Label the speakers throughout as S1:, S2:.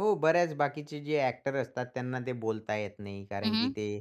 S1: हो, बऱ्याच बाकीचे जे ॲक्टर असतात, त्यांना ते बोलता येत नाही
S2: हं,
S1: कारण की
S2: हं.
S1: ते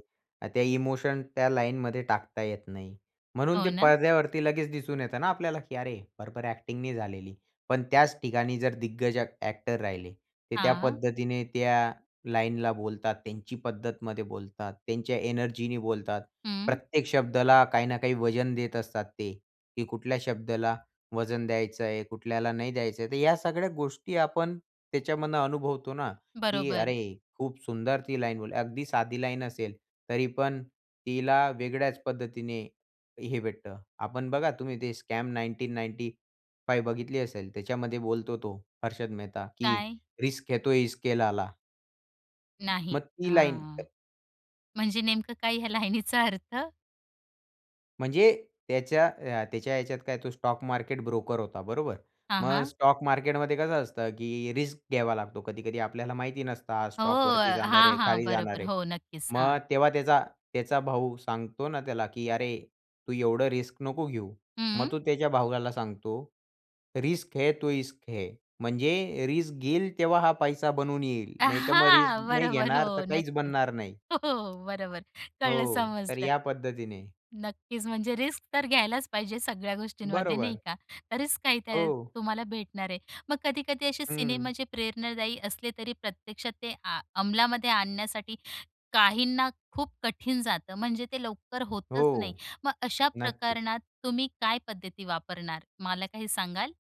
S1: त्या इमोशन, त्या लाईनमध्ये टाकता येत नाही. म्हणून
S2: हो
S1: ते
S2: ना.
S1: पडद्यावरती लगेच दिसून येतं ना आपल्याला, की अरे बरोबर ॲक्टिंग नाही झालेली. पण त्याच ठिकाणी जर दिग्गज ॲक्टर राहिले, ते त्या
S2: हां.
S1: पद्धतीने त्या लाईनला बोलतात, त्यांची पद्धतमध्ये बोलतात, त्यांच्या एनर्जीनी बोलतात.
S2: हं.
S1: प्रत्येक शब्दाला काही ना काही वजन देत असतात ते, की कुठल्या शब्दाला वजन द्यायचं आहे कुठल्याला नाही द्यायचं आहे तर या सगळ्या गोष्टी आपण त्याच्यामधनं अनुभवतो ना, की
S2: बरोबर.
S1: अरे, खूप सुंदर ती लाईन अगदी साधी लाईन असेल, तरी पण तिला वेगळ्याच पद्धतीने हे भेटतं. आपण बघा, तुम्ही ते स्कॅम 1995 बघितली असेल. त्याच्यामध्ये बोलतो तो हर्षद मेहता, की
S2: काय?
S1: रिस्क है तो इस्क है लाला.
S2: नाही,
S1: मग ती लाईन
S2: हां. म्हणजे नेमकं काय ह्या लाईनीचा अर्थ?
S1: म्हणजे, त्याच्या अ, त्याच्या ह्याच्यात काय तो स्टॉक मार्केट ब्रोकर होता, बरोबर
S2: हां,
S1: मग
S2: हां.
S1: स्टॉक मार्केटमध्ये कसं असतं, की रिस्क घ्यावा लागतो. कधी-कधी आपल्याला माहिती नसतं, हा
S2: हो,
S1: स्टॉकवरती जाणार
S2: हां,
S1: आहे,
S2: हां,
S1: खाली जाणार
S2: बरोबर
S1: आहे.
S2: हो, नक्कीच हां.
S1: मग तेव्हा त्याचा त्याचा भाऊ सांगतो ना त्याला, की "अरे तू एवढं रिस्क नको घेऊ."
S2: हं.
S1: मग तो त्याच्या भावाला सांगतो "रिस्क है तो ईस्क है." म्हणजे रिस्क घेईल तेव्हा हा पैसा बनून येईल,
S2: अ,
S1: नाहीतर मग रिस्क
S2: हां,
S1: नाही
S2: बरोबर.
S1: घेणार, तर
S2: हो,
S1: काहीच
S2: नक्कीच.
S1: बनणार नाही.
S2: हो, हो, बरोबर, कळलं,
S1: हो, तर
S2: समजलं.
S1: या पद्धतीने.
S2: नक्कीच, म्हणजे रिस्क तर घ्यायलाच पाहिजे सगळ्या गोष्टींमध्ये, नाही
S1: बरोबर.
S2: का. तरीच काय ते
S1: हो.
S2: तुम्हाला भेटणार आहे. मग कधी-कधी असे सिनेमा
S1: हं.
S2: जे प्रेरणादायी असले, तरी प्रत्यक्षात ते आ अमलामध्ये आणण्यासाठी काहींना खूप कठीण जातं. म्हणजे ते लवकर
S1: हो,
S2: होतच नाही. मग, अशा
S1: नक्कीच.
S2: प्रकरणात तुम्ही काय पद्धती वापरणार, मला काही सांगाल?